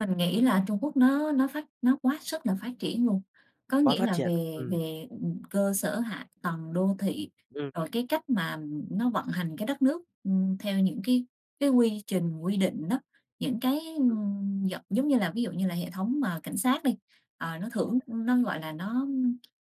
Mình nghĩ là Trung Quốc nó nó phát nó quá sức là phát triển luôn. Có Quá nghĩa phát là triển, về ừm. về, ừm, cơ sở hạ tầng đô thị, Ừm. rồi cái cách mà nó vận hành cái đất nước, ừm, theo những cái cái quy trình, quy định đó. Những cái, Ừm. ưm, giận giống như là, ví dụ như là hệ thống mà cảnh sát đi, ờ, nó thưởng [unintelligible] nó, gọi là, nó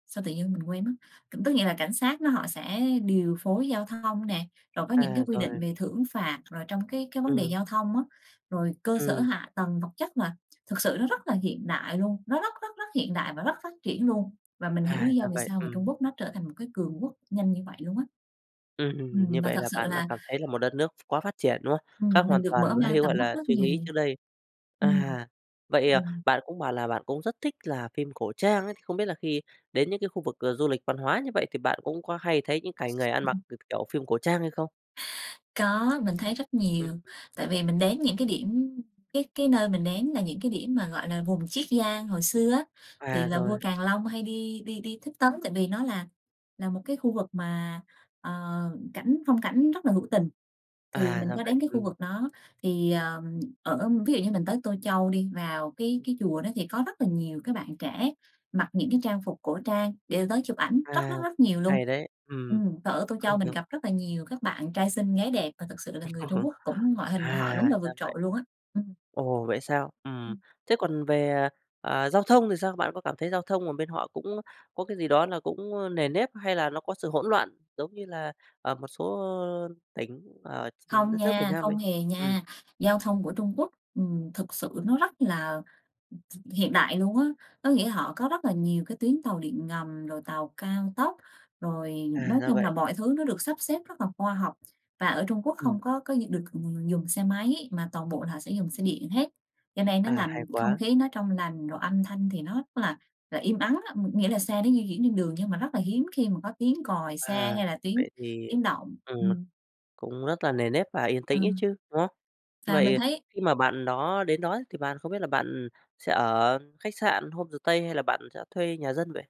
sao tự nhiên mình quên mất. C tức nghĩa là cảnh sát nó họ sẽ điều phối giao thông nè, rồi có những cái À, quy rồi. định về thưởng phạt, rồi trong cái cái vấn đề Ừm. giao thông á, rồi cơ sở Ừm. hạ tầng, vật chất mà thực sự nó rất là hiện đại luôn, nó rất rất rất hiện đại và rất phát triển luôn. Và mình hiểu À, lý do ra vì vậy, sao mà Trung ừm. Quốc nó trở thành một cái cường quốc nhanh như vậy luôn á. Ừm, ừm, như Ừm, và vậy thật là sự bạn đã là cảm thấy là một đất nước quá phát triển, đúng không? Ừm, Khác hoàn mình được toàn mở với, mang tầm gọi mắt là, rất suy nghĩ nhiều. trước đây. Ừm, À, vậy, à, ừm. bạn cũng bảo là bạn cũng rất thích là phim cổ trang ấy, thì không biết là khi đến những cái khu vực, ờ, du lịch văn hóa như vậy thì bạn cũng có hay thấy những cảnh người ăn mặc, k kiểu, phim cổ trang hay không? Có, mình thấy rất Ừm, nhiều, ừm. tại vì mình đến những cái điểm cái cái nơi mình đến là những cái điểm mà, gọi là, vùng Chiết Giang hồi xưa á, thì À, là rồi. vua Càn Long hay đi đi đi thích tấn tại vì nó là là một cái khu vực mà, ờ, cảnh phong cảnh rất là hữu tình. Thì À, mình ra có vậy, đến cái khu ừm. vực đó, thì, ờ, ở ví dụ như mình tới Tô Châu đi, vào cái cái chùa đó thì có rất là nhiều các bạn trẻ mặc những cái trang phục cổ trang để tới chụp ảnh, rất À! rất rất nhiều luôn. Hay đấy, ừm. Ừm, và ở Tô Châu mình gặp rất là nhiều các bạn trai xinh gái đẹp, và thực sự là người Trung Quốc cũng ngoại À, hình của họ đúng là ra vượt trội vậy. luôn á. Ừm. Ồ, vậy sao? Ừm. Ừm. Thế còn về, ờ, giao thông thì sao? Bạn có cảm thấy giao thông ở bên họ cũng có cái gì đó là cũng nề nếp hay là nó có sự hỗn loạn? Giống như là ở một số, ơ, tỉnh ở ch Không đất nước Việt nha, Nam không mình? hề Ừm. nha, giao thông của Trung Quốc, ừm, thực sự nó rất là, ừm, hiện đại luôn á. Có nghĩa họ có rất là nhiều cái tuyến tàu điện ngầm, rồi tàu cao tốc, rồi À, nói ra chung là vậy. mọi thứ nó được sắp xếp rất là khoa học. Và ở Trung Quốc Ừm. không có có gi được v dùng xe máy mà toàn bộ là họ sẽ dùng xe điện hết, cho nên nó À, hay làm không quá! khí nó trong lành, rồi âm thanh thì nó rất là là im ắng á, ngh nghĩa là xe nó di chuyển trên đường nhưng mà rất là hiếm khi mà có tiếng còi xe À, hay là tiếng vậy thì tiếng động. ừm, Ừm. cũng rất là nề nếp và yên Ờ. tĩnh ấy chứ, đúng không? Và mình Vậy thấy khi mà bạn đó đến đó ấy, thì bạn không biết là bạn sẽ ở khách sạn, homestay hay là bạn sẽ thuê nhà dân vậy?